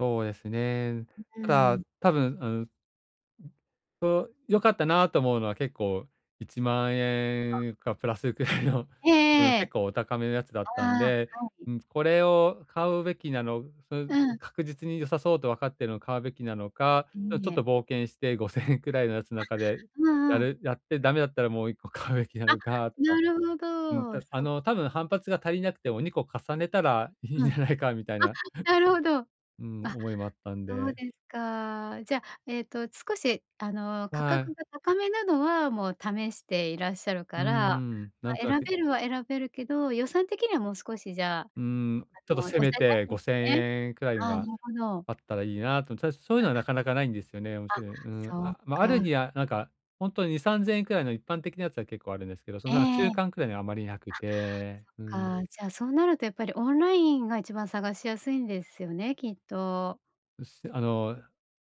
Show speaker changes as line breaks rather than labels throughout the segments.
そうえすね。
う、う
た
ん。
だ、多分、うん、ん、こう、良かったなと思うのは結構、いちまん
あ。
えんかプラスくらいの、
ええ
うん、
え
結
え。
構お高めのやつだったん
あ
で、
あ、はい。
うん、これを買うべきなのそう、
う
う、
ん。
確実に良さそうとわかっているのを買うべきなのか、ちょ
い
ち
い
ょっ
え。
と冒険して5,000円くらいのやつの
あ、
中で
う
や
んうん。
るやってダメだったらもう1個買うべきな
あ、
のかと
な
か。
るほ
うん、
ど。
たあ
そ
の多分反発が足りなくても2個重ねたらいいん
う
じ
ん、あ、
ゃないかみたいな、
なるほど。
うん、
あ、
思いもあったん
そう
で。
ですか。じゃあ、えっと少し、あの、価
は
格
い。
が高めなのはもう試していらっしゃる
う
か
ー
ら、
ん、
ま、
なんとな
選
く
べるは選べるけど、予算的にはもう少しじゃあ、
うー
あ
ん、ちょっ
の
と
抑
せめ
えた
て、
い
ご
で
せん
すね。
えんくらい
ああ、な
は
るほど。
あったらいいなと、ちょとそういうの
あ
はなかなか無いんですよね。面
あ、
白い、うん。
そう
あ、ま、ある
か。
にはなんか、本当に2、3,000円くらいの一般的なやつは結構あるんですけど、その
え
なんか中
え。
間くらいのはあまり無くて、うん。
あ、そっか、じゃあそうなると、やっぱりオンラインが一番探しやすいんですよね、きっと。
う、せあの、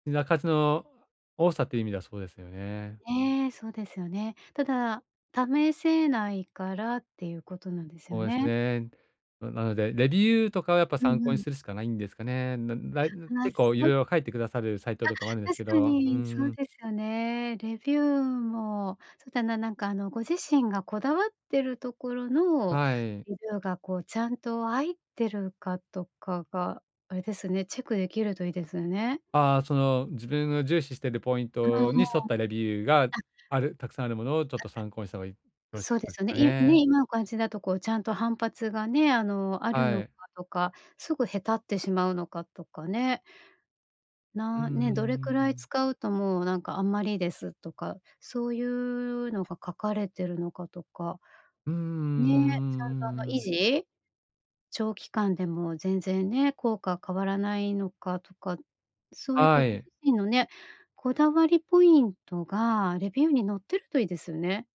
品数の多さという意味ではそうですよね。
ね、そうですよね。ただ、試せないからっていうことなんですよ
ほうです
ね。
ね。ななので、レビューとかはやっぱ
う
参
ん
考
う
に
ん。
するしかないんですかね。ならいん、
ああ、
結構
そ
色々書いてくださるサイト
あ、
とかもあるんです
確
け
か
ど、うー
に、そう
ん。
ですよね。レビューも、そうだな、なんかあの、ご自身がこだわってるところの
はい。
レビューが、こう、ちゃんと入ってるかとかが、あれですね、チェック出来るといいですよね。
ああ、その、自分が重視しているポイン
はあ、あ
トに沿ったレビューが
あ。あ
あるたくさんあるものをちょっと
あ
参考にした方がいよろしい
そう
ん
で
で
す
す
よ
か
ね、いね、
ね。
今お感じだとこう、ちゃんと反発がね、あの、ある
は
のか
い。
とか、すぐへたってしまうのかとかね。
うんう
な
ん
ね、
う
どれ
ん
く
う
らい
ん。
使うともうなんかあんまりですとか、そういうのが書かれてるのかとか。
うんうんうん
ね、ちゃん
うん
と
う
あの
んう
維
ん。
持長期間でも全然ね、効果は変わらないのかとか、そういうこう、
は
ご
い。
自身のね、こだわりポイントが、レビューに載ってるといいですよね。